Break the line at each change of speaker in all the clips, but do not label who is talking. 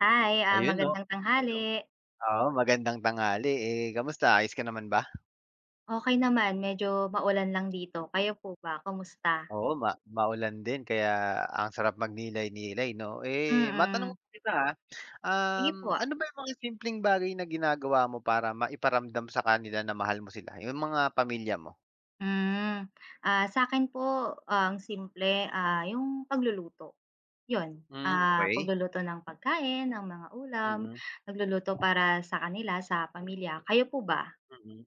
Hi, ah,
Ayun oh. Hello!
magandang tanghali.
Oo magandang tanghali. Eh, kamusta ayos ka naman ba?
Okey naman, medyo ma-ulan lang dito kayo po ba, kamusta?
Oo, ma maulan din kaya ang sarap mag-nilay-nilay 'no eh, ma-tanong
Mm.
kita
Sige
um,
po.
ano ba yung mga simpleng bagay na ginagawa mo para ma-iparamdam sa kanila na mahal mo sila yung mga pamilya mo?
Hmm, ah, sa'kin po ang simple, ah, yung pag-luluto yun
Hmm,
ah,
okay
pag-luluto ng pagkain ng mga ulam,
Mm.
nag-luluto para sa kanila sa pamilya, kayo po ba?
Mm,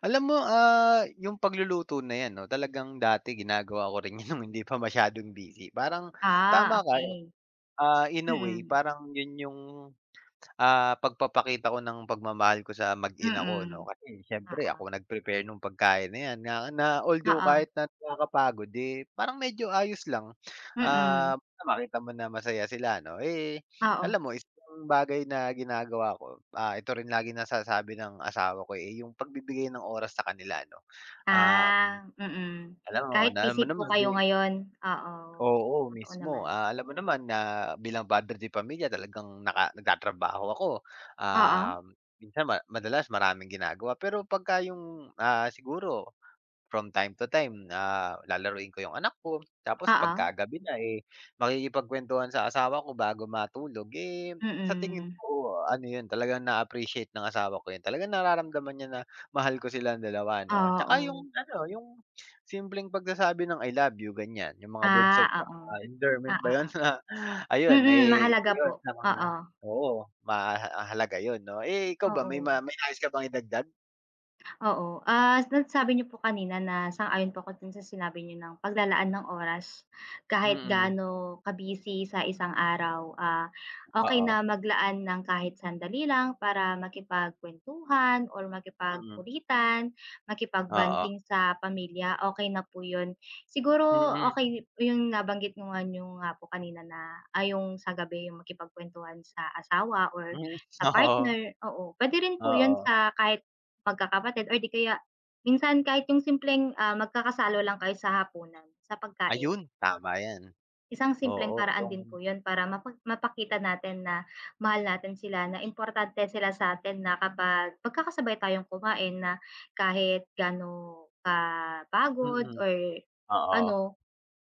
alam mo ah, yung pag-luluto na yan no talagang dati gina-gawa ko rin yun nung hindi pa masyadong busy parang tama
Ah,
ka
okey.
ah, in a way
Mhm.
parang yun yung ah, pag-papakita ko ng pagmamahal ko sa mag ina ako 'no
Mm,
kasi siyempre
oo.
ako nag-prepare nung pagkain na yan na na although
Oo.
kahit nak nakaka-pagod eh, parang medyo ayos lang.
Mm.
Ah, makita mo na masaya sila ano eh,
Oo.
alam mo yung isang bagay na gina-gawa ko ah, ito rin laging na-sasabi ng asawa ko eh, yung pag-bibigay ng oras sa kanila 'no ah
Ah, mm,
alam mo,
kahit
na alam mo
busy po
naman.
kayo ngayon oo,
Oo,
totoo
mismo
naman.
ah, alam mo naman na bilang padre de pamilya talagang, naka nag-tatrabaho ako
Oo.
um, minsan ma madalas maraming gina-gawa pero pag ka yung ah, siguro from time to time ah, lalaruin ko yung anak ko tapos pag
Oo.
kagabi na eh, makikipag-kwentuhan sa asawa ko bago matulog eh, sa tingin
Mm.
ko ano yun talagang na appreciate ng asawa ko yun talagang nara-ramdaman niya na mahal ko silang dalawa ano
Ah,
tsaka yung
oo.
ano, yung simpleng pag-sasabi ng I love you ganyan yung mga words
Ah,
of
oo,
ah, endearment
ah,
ba yun?
oo.
Ayun
Mmm,
eh,
mahalaga po
yun sa mga
oo.
oo mahaha halaga yun no, eh, ikaw ba, may
Oo.
ma may nais ka bang i-dagdag?
Oo, ah, sa sabi niyo po kanina na sang-ayon po 'ko din sa sinabi niyo ng pag-lalaan ng oras. Kahit
Mm.
gaano ka-busy sa isang araw, ah, okey
Oo.
na mag-laan ng kahit sandali lang para maki-pagkwentuhan or
Mm.
makipag-kulitan,
Oo.
makipag-bonding sa pamilya. Okay na po 'yun siguro,
Mm.
okay 'yun nabanggit ko nga 'yung nga po. Kanina na ay 'yung sa gabi 'yung maki-pag-kwentuhan sa asawa or
Hmm.
sa
Oo.
partner, oo, pwede rin po 'yun
Oo.
sa kahit mag-kakapatid, o di kaya, minsan kahit 'yung simpleng, ah, mag-kakasalo lang kayo sa hapunan sa pagkain.
Ayun. Tama yan.
Isang simpleng
Oo
paraan din po
'yung
'yun para mapa mapakita natin na mahal natin sila, na importante sila sa atin na kapag mag-kaka-sabay tayong kumain na kahit gaano ka pagod
Mm.
or
Oo.
ano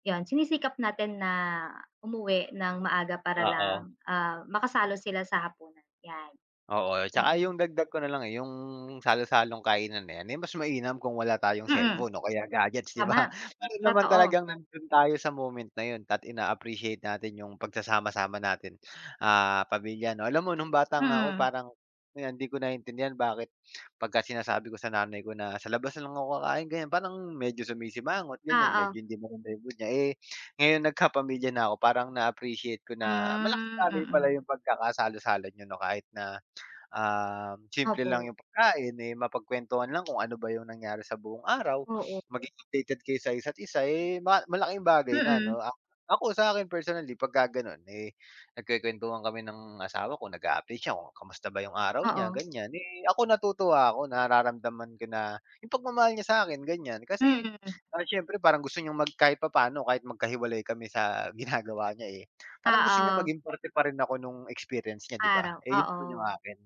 'yun sini-sikap natin na umuwi ng maaga para
Oo.
lang ah, ma-kasalo sila sa hapunan yan.
Oo. Tsaka
Mm.
'yung dagdag ko nalang eh, 'yung salo-salong kainan na yan, eh, mas ma-inam kung wala tayong
Mm.
cellphone o kaya gadgets, 'di ba?
Tama,
Meron naman
totoo.
talagang nan'don tayo sa moment na 'yun dapat in appreciate natin 'yung pag-sasama-sama natin, ah, pamilya ano alam mo 'nung bata nga ako
Mm.
parang hindi ko nai-intindihan, bakit 'pag sina-sabi ako ng nanay ko, nasa labas na lang ako kakain, ganyan parang medyo sumi-simangot, ganyan, medyo
Oo.
hindi mo rin niya eh ngayon nag kapamilya na ako parang na appreciate ko na
Hmm,
malaki pala 'yung
mm.
pag-kakasalo-salo niyo 'no, kahit na, ah, simple lang
Opo.
'yung pagkain, eh, mapag-kwentuhan lang kung ano ba 'yung nangyari sa buong araw
Oo.
sa isa't isa, eh mas ma malaking bagay, na ano
Mm.
ak ako sa'kin personally, pag-kaganon, eh nag kuwen-kuwentuhan kami ng asawa ko kung, kamusta ba 'yung araw niya
Oo.
ganyan, eh, ako natutuwa ako, nararamdaman ko na 'yung pag-mamahal niya sa'kin ganyan, kasi
Mm.
siyempre parang gusto nyong kahit pa-paano kahit mag-kahiwalay kami sa ginagawa niya eh, parang gusto niyang
Oo.
maging parte pa rin ako 'nung experience nya, 'di ba?
Araw.
Eh, 'yun
Oo,
naman 'yung akin.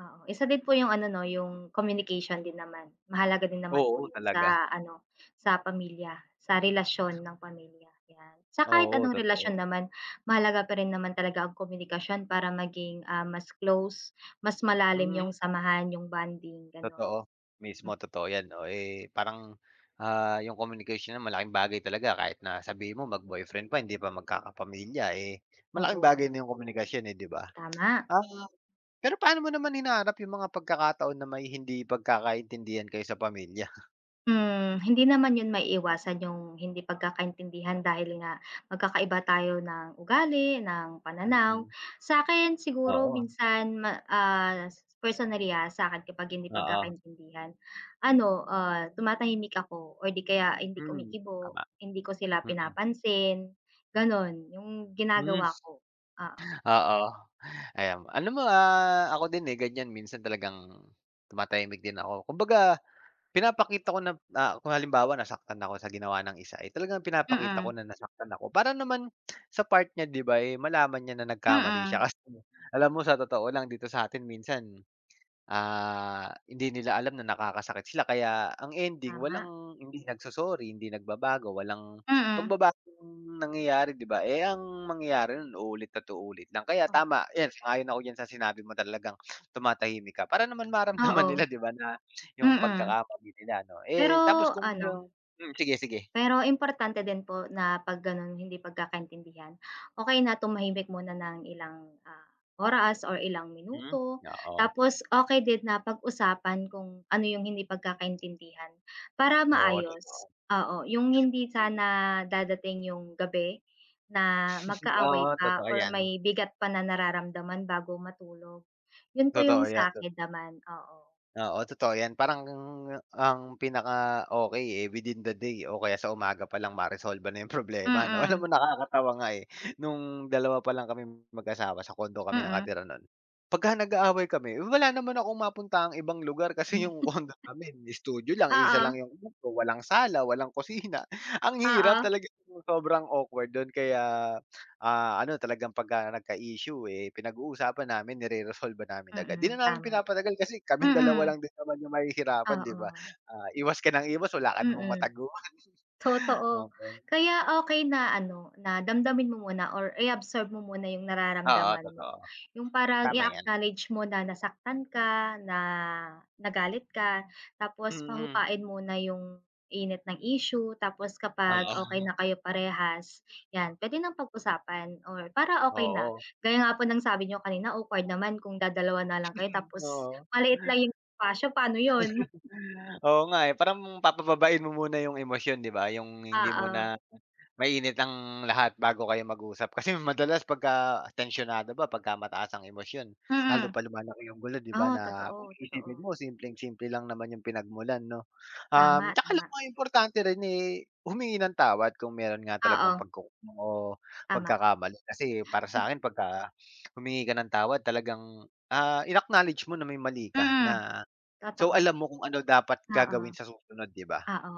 oo. Isa din po 'yung ano. No? 'yung communication din naman, mahalaga din naman po
Oo.
'yung
Talaga.
sa ano, sa pamilya, sa relasyon ng pamilya yan. Sa kahit
Oo.
anong relasyon
Totoo.
naman mahalaga pa rin naman talaga ang komunikasyon para maging mas close, mas malalim 'yung
Mm.
samahan, 'yung bonding, gano'n.
Totoo. Mismo,
Hmm.
totoo yan, oh, eh, parang, ah, 'yung communication na malaking bagay talaga kahit na sabihin mo, mag-boyfriend pa hindi pa mag-kaka-pamilya eh, malaking
Oo.
bagay na 'yung komunikasyon eh, 'di ba?
Tama.
Ah, pero paano mo naman hinaharap 'yung mga pag-kakataon may, hindi pag-kaka-intindihan kayo sa pamilya?
Hmm. Hindi naman 'yon maiiwasan 'yong hindi pagkakaintindihan dahil nga magkakaiba tayo ng ugali, ng pananaw.
Mm.
Sa 'kin siguro
Oo.
minsan ma ah, personally, ah, sa 'kin kapag hindi
Oo.
pagkakaintindihan, ano, ah, tumatahimik ako or 'di kaya hindi
Hmm,
kumikibo,
tama.
hindi ko sila
Mm.
pinapansin, gano'n 'yong
Hmm.
ginagawa ko, oo.
Oo, ayan alam mo, ah, ako din, eh, ganiyan minsan talagang tumatahimik din ako. Kumbaga pinapakita ko na ah, kung halimbawa nasaktan ako sa ginawa ng isa ay talagang pinapakita ko
Mm.
na nasaktan ako, para naman sa part niya, 'di ba, eh, malaman niya na nagkamali siya.
Mm.
Kasi alam mo sa totoo lang dito sa 'tin minsan, ah, hindi nila alam na nakakasakit sila. Kaya ang ending
Tama.
walang hindi nagso-sorry, hindi nagbabago, walang
Mm.
pagbabagong nangyayari, 'di ba. Eh, ang mangyayari no'n uulit at uulit lang. Kaya
Oh.
tama 'yan, sang-ayon ako diyan sa sinabi mo. Talagang tumatahimik ka para naman maramdaman
Oo.
nila, 'di ba na 'yong
Mm.
pagkakamali nila ano,
Pero,
eh, tapos kung
ano
'yong hmm, sige, sige.
pero importante din po na 'pag gano'n, hindi pagkakaintindihan, okey na tumahimik muna ng ilang, ah, oras o ilang
Hmm,
minuto
oo.
tapos okey din na pag-usapan kung ano 'yong hindi pagkakaintindihan para
Oo, totoo.
maayos, oo. 'Yong hindi
Mm.
sana dadating 'yong gabi na magkaaway
Oo,
pa
totoo
or
'yan.
may bigat pa na nararamdaman bago matulog. 'Yon po
Totoo
'yong
'yan.
sa
Tot
'kin naman, oo.
Oo, totoo 'yan. Parang ang ang pinaka okey, eh, within the day o kaya sa umaga pa lang maresolba na 'yong problema ano.
Mm.
Alam mo nakakatawa nga, eh, no'ng dalawa pa lang kaming mag-asawa, sa condo kami
Mm.
nakatira no'n. 'Pagka nag-aaway kami wala naman akong mapuntahang ibang lugar kasi 'yong condo namin studio lang, iisa lang
Oo.
'yong kwarto. Walang sala, walang kusina. Ang hirap
Oo.
talagang 'yong sobrang awkward do'n kaya, ah, ano, talagang 'pagka nagka-issue, eh, pinag-uusapan namin nireresolba namin agad. 'Di
Mm.
na namin
tama.
pinapatagal kasi kaming dalawa
Mm.
lang din naman 'yong mahihirapan, 'di ba.
Oo.
Ah, iwas ka ng iwas wala ka namang
Mm.
mataguan.
Totoo.
Okey.
Kaya okey na ano na damdamin mo muna or i-absorb mo muna 'yong
Oo,
nararamdaman mo.
totoo.
'Yong parang
Tama 'yan.
i-a-acknowledge mo na nasaktan ka, na nagalit ka. Tapos
Mm.
pahupain muna 'yong init ng issue. Tapos kapag
Oo.
okey na kayo parehas, 'yan, puwede nang pag-usapan or para okey na.
Oo.
Gaya nga po ng sabi n'yo kanina awkward naman kung dadalawa na lang kayo,
Mm.
tapos
Oo.
maliit lang 'yong espasyo, paano 'yon?
Oo nga, eh. Parang papababain mo muna 'yong emosyon, 'di ba. 'Yong hindi
Oo.
muna mainit ang lahat bago kayo mag-usap. Kasi madalas 'pagka tensyonado ba, pagkamataas ang emosyon lalo
Mm.
pa lumalaki 'yong gulo, 'di ba,
Ah,
na kung
totoo,
iisipin
totoo.
mo simpleng simple lang naman 'yong pinagmulan, 'no? Um,
Tama,
'tsaka alam mo
tama.
nga, importante rin, eh, humingi ng tawad kung mayro'n nga talagang
Oo.
pagkuk o
Tama.
pagkakamali. Kasi para
M
sa'kin 'pagka humingi ka ng tawad talagang, ah, inacknowledge mo na may mali ka,
Mm.
na so
Totoo.
alam mo kung ano dapat
Oo.
gagawin sa susunod, 'di ba?
Oo.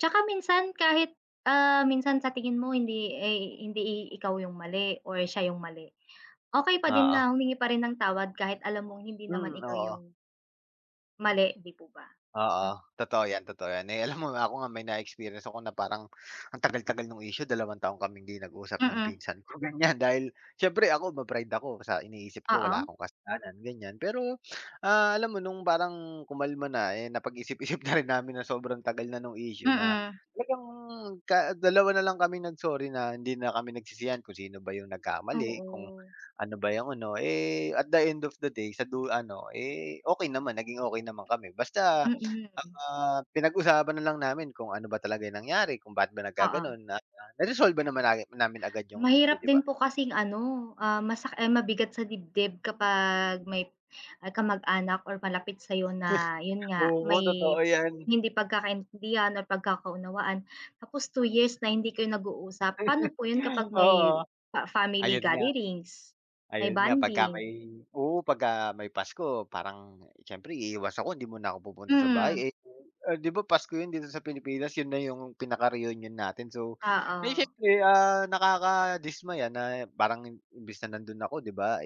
'Tsaka minsan kahit, ah, minsan sa tingin mo hindi, eh, hindi i ikaw 'yong mali or siya 'yong mali, okey pa din
Oo.
na humingi pa rin ng tawad kahit alam mong hindi naman
Mm,
ikaw
oo.
'yong Mali, 'di po ba?
Oo, totoo yan, totoo yan, eh, alam mo ba ako nga may na-experience ako na parang ang tagal-tagal nung issue 2 taon kaming hindi nag-usap ng
Mhm.
pinsan ko, ganyan dahil siyempre ako ma-pride ako sa iniisip ko wala
Oo.
akong kasalanan ganyan pero, ah, alam mo nung parang kumalma na, eh, napag-isip-isip na rin namin na sobrang tagal na nung issue na
Mhm.
talagang, da dalawa na lang kaming nag-sorry na, hindi na kami nagsisihan kung sino ba yung nagkamali, kung
Oo.
ano ba yung ano, eh, at the end of the day, sa du ano, eh, okay naman, naging okay naman kami basta,
Mhm.
ah, pinag-usapan na lang namin kung ano ba talaga yung nangyari kung ba't ba
Oo.
nagkaganon, na naresolba naman namin agad yung issue,
Mahirap
'di
din
ba?
po kasing ano, ah, masak eh, mabigat sa dibdib kapag may, ah, kamag-anak or malapit sa'yo na, yun nga
Oo,
may
totoo yan.
hindi pagkakaintindihan or pagkakaunawaan, tapos 2 years na hindi kayo nag-uusap. Pano po yun kapag may
Oo,
fa family
ayun nga.
gatherings, may
Ayun nga, pagka may
bonding.
oo, pagka may Pasko parang siyempre iiwas ako hindi muna ako pupunta sa bahay, [unintelligible]
Mhm.
eh, 'di ba Pasko yun dito sa Pilipinas yun na yung pinaka-reunion natin, so ay
Oo.
siyempre, ah, nakadismaya na parang i imbis na nandoon ako, 'di ba,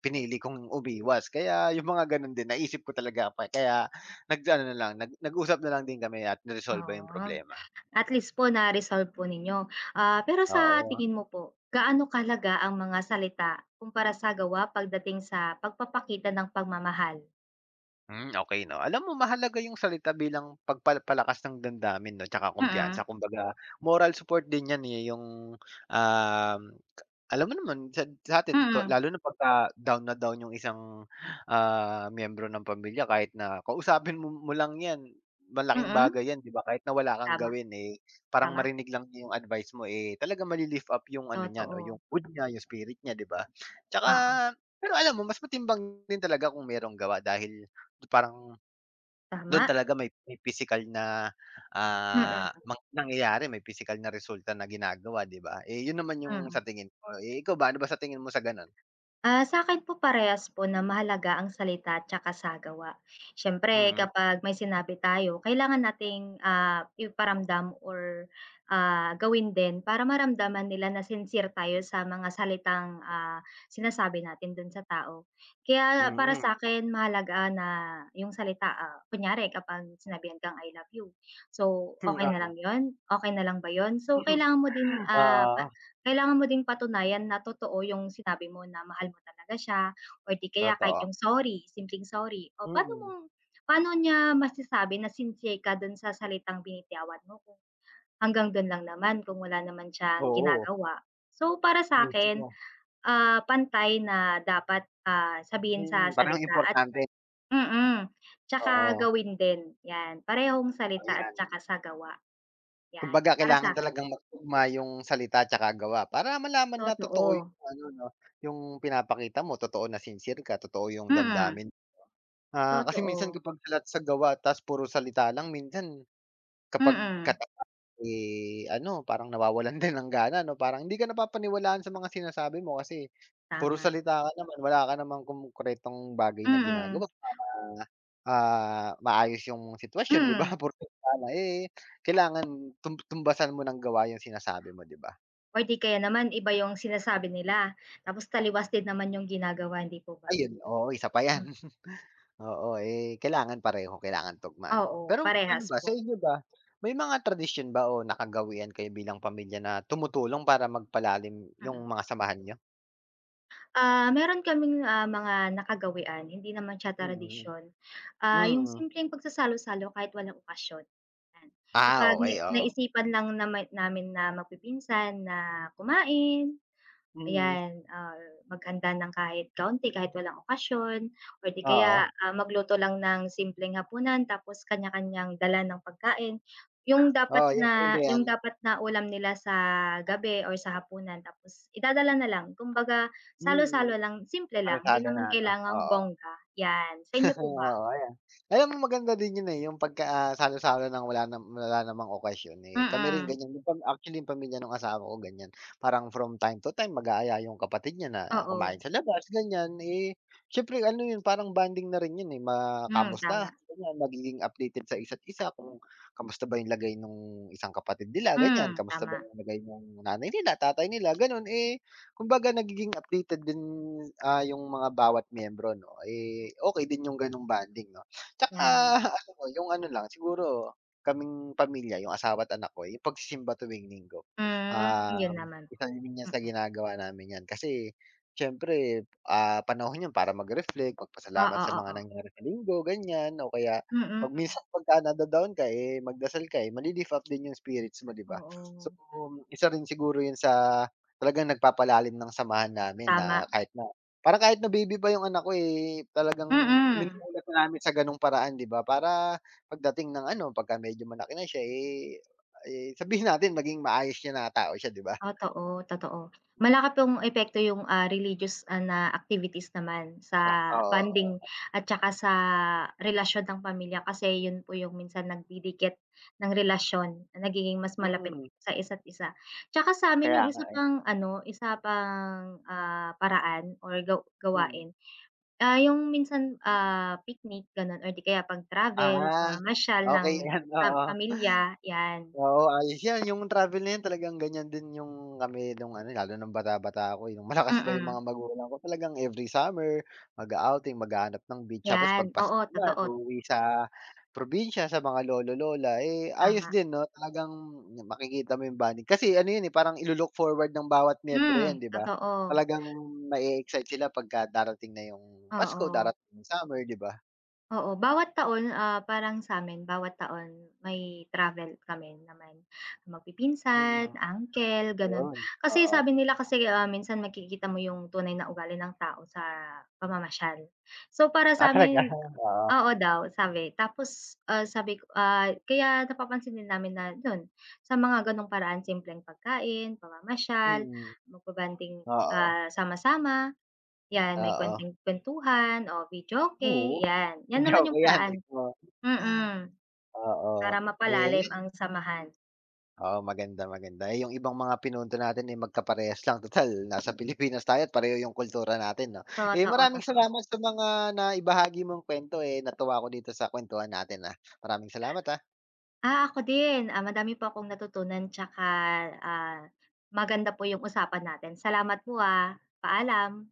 pinili
[unintelligible]
kong umiwas kaya yung mga ganon din naisip ko talaga k kaya nag-aano na lang, nag nag-usap na lang din kami at niresolba yung
Ah,
problema.
at least po na-resolve po ninyo, ah, pero sa
Oo.
tingin mo po, gaano talaga ang mga salita kumpara sa gawa, pagdating sa pagpapakita ng pagmamahal?
Hmm, okay 'no, alam mo mahalaga yung salita bilang pagpal palakas ng damdamin, 'no, tsaka
Mhm.
kumpiyansa kumbaga moral support din yan, eh, yung, um, alam mo naman sat satin ko
Mhm.
lalo na 'pagka down na down yung isang, ah, miyembro ng pamilya kahit na kausapin mo lang yan, malaking
Mhm.
bagay yan, 'di ba, kahit na wala kang
Tama,
gawin, eh, parang
tama.
marinig lang nya yung advice mo, eh, talaga mali-lift up yung, ano, niya, 'no yung
Totoo.
food nya yung spirit nya, 'di ba. Tsaka
Oo.
pero alam mo mas matimbang din talaga kung merong gawa dahil parang, dun
Tama.
talaga may may pisikal na, ah,
Mhm.
mang nangyayari, may pisikal na resulta na ginagawa, 'di ba, eh, yun naman yung
Mhm.
sa tingin ko, eh, ikaw ba ano ba sa tingin mo sa ganun?
Ah, sa'kin po parehas po na mahalaga ang salita at tsaka sa gawa. Siyempre,
Mm.
kapag may sinabi tayo kailangan nating, ah, iparamdam or, ah, gawin din para maramdaman nila na sincere tayo sa mga salitang, ah, sinasabi natin dun sa tao. Kaya para
Mhm.
sa'kin mahalaga na yung salita, ah, kunyari kapag sinabihan kang I love you, so,
Hmm,
okey na
ano.
lang 'yon, okey na lang ba yun? So,
Hmm,
kailangan mo din, ah, pa
oo.
kailangan mo din patunayan na totoo yung sinabi mo na mahal mo talaga siya or 'di kaya kahit yung
Totoo.
sorry, simpleng sorry o paano mo
Mhm.
paano niya masasabi na sincere ka dun sa salitang binitawan mo kung hanggang dun lang naman kung wala naman siyang
Oo.
ginagawa. So, para sa akin,
Mismo.
ah, pantay na dapat, ah, sabihin sa
Mhm, parehong
salita at
importante.
mm, tsaka
Oo.
gawin din yan, parehong salita at
Ayan.
tsaka sa gawa yan
Kumbaga,
para
kailangan
sa'kin.
talagang magtugma yung salita 'tsaka gawa para malaman na totoo
Totoo.
yung, ano, 'no, yung pinapakita mo totoo na sincere ka, totoo yung
Mhm.
damdamin Ah, kasi minsan
Totoo.
kapag salat sa gawa tas puro salita lang minsan, kapag ka,
Mhm.
eh, ano, parang nawawalan din ng gana, 'no, parang hindi ka na papaniwalaan sa mga sinasabi mo kasi puro
Tama.
salita ka naman, wala ka namang konkretong bagay na
Mhm.
ginagawa para, ah, maayos yung sitwasyon, 'di ba,
Mhm.
porket tama eh, kailangan tum tumbasan mo ng gawa yung sinasabi mo, 'di ba?
Or di kaya naman iba yung sinasabi nila, tapos taliwas din naman yung ginagawa, hindi po ba?
Ayun, oo, isa pa yan.
Hmm.
Oo, eh, kailangan pareho, kailangan tugma, 'no,
Oo,
pero, ano
parehas
ba sa
po.
inyo ba may mga tradisyon ba o nakagawian kayo bilang pamilya na tumutulong para magpalalim yung
Mhm.
mga samahan niyo?
Ah, meron kaming, ah, mga nakagawian, hindi naman siya
Mm.
tradisyon, ah, yung
Mm.
simpleng pagsasalo-salo kahit walang okasyon, yan.
Ah,
Kapag na
okey, oo.
naisipan lang naman namin na magpipinsan na kumain,
Mm.
ayan ah, maghanda nang kahit kaunti kahit walang okasyon or di kaya
Oo.
ah magluto lang ng simpleng hapunan tapos kanya-kanyang dala ng pagkain, yung dapat
Oo, yan maganda
na
yan.
yung dapat na ulam nila sa gabi or sa hapunan tapos idadala na lang, kumbaga salo-salo
Hmm,
lang, simple lang hindi
kalsada na
naman
ano,
kailangang
oo.
bongga, yan. Sa inyo po
oo,
ba?
ayan. Alam mo maganda din yun eh, yung 'pag, ah, salo-salo ng wala na wala namang occasion eh, kami rin
Mm.
ganyan. Actually, pamilya nung asawa ko ganyan parang from time to time mag-aaya yung kapatid niya na kumain
Oo.
sa labas ganyan eh, siyempre ano yun parang bonding na rin yun eh,
Hmm,
makamusta
tama.
ganyan magiging updated sa isa't isa kung kamusta ba yung lagay nung isang kapatid nila ganyan.
Hmm,
Kamusta ba
tama.
yung lagay nung, nanay nila tatay nila ganon. Eh kumbaga nagiging updated din, ah, yung mga bawat miyembro no eh, okay din yung ganong bonding no. Tsaka
Yan.
yung ano lang siguro kaming pamilya yung asawa at anak ko yung pagsisimba tuwing Linggo,
Hmm, yun
um,
naman.
isa rin yan sa
Mm.
ginagawa namin yan kasi syempre, ah, panahon yan para mag-reflect magpasalamat
Oo,
sa mga
oo.
nangyari sa linggo, ganyan o kaya 'pag
Mm.
minsan paka nada-down ka eh, magdasal ka eh mali-lift up din yung spirits mo di ba?
Oo.
So isa rin siguro yun sa talagang nagpapalalim ng samahan namin na
Tama
kahit na parang kahit na baby pa yung anak ko eh, talagang
Mm.
minumulat na namin sa ganung paraan di ba para pagdating ng ano pagka medyo malaki na siya eh, eh sabihin natin maging maayos siya na tao siya, di ba?
Ah, to oh, totoo. Malaki pong epekto yung, ah, religious ah na activities naman sa
Ah,
bonding
oo.
at tsaka sa relasyon ng pamilya, kasi yun po yung minsan nagdidikit ng relasyon na nagiging mas malapit
Mm.
sa isa't isa. Tsaka sa'min
Kaya
yung
nga
isa
eh.
pang ano isa pang, ah, paraan or gaw
Mm.
gawain, ah, yung minsan, ah, picnic ganon or di kaya pag travel,
Ah,
pamamasyal ng
okay yan
pam
oo.
pamilya yan.
Oo, ayos yan yung travel na talagang ganyan din yung kami nung ano lalo ng bata bata ko nung malakas pa yung
Mm.
mga magulang ko, talagang every summer mag-a-outing, maghahanap ng beach tapos
Yan,
'pag Pasko
oo,
naman
totoo.
uuwi sa probinsya sa mga lolo lola eh, ayos
Tama.
din no talagang makikita mo yung bonding kasi ano yun eh, parang ilu-look forward ng bawat miyembro
Hmm,
yan di ba,
totoo.
talagang ma-excite sila pagka darating na yung Pasko,
Oo.
darating yung summer, di ba?
Oo, bawat taon ah, parang sa'min bawat taon may travel kami naman magpipinsan,
Mm.
uncle ganon.
Ayun,
Kasi
oo.
sabi nila kasi minsan magkikita mo yung tunay na ugali ng tao sa pamamasyal. So para
Ah, talaga
sa'min
oo.
oo daw sabi tapos ah, sabi ko ah, kaya napapansinin namin na yun, sa mga ganong paraan simpleng pagkain, pamamasyal,
Mm,
magba-bonding,
oo.
ah, sama-sama. Yan may
Oo.
konting kwentuhan o videoke
Oo,
yan, yan
hindi
naman
ako
yung
yan,
paraan
mismo.
mm
Oo
para
eh
mapalalim ang samahan.
Oo maganda, maganda eh, yung ibang mga pinunto natin eh, magkaparehas lang tutal nasa Pilipinas tayo pareho yung kultura natin no. Eh,
Totoo,
maraming
totoo.
salamat sa mga naibahagi mong kwento eh, natuwa ako dito sa kwentuhan natin ah. Maraming salamat ah.
Ah, ako din ah, madami po akong natutunan tsaka, ah, maganda po yung usapan natin. Salamat po, ah, paalam.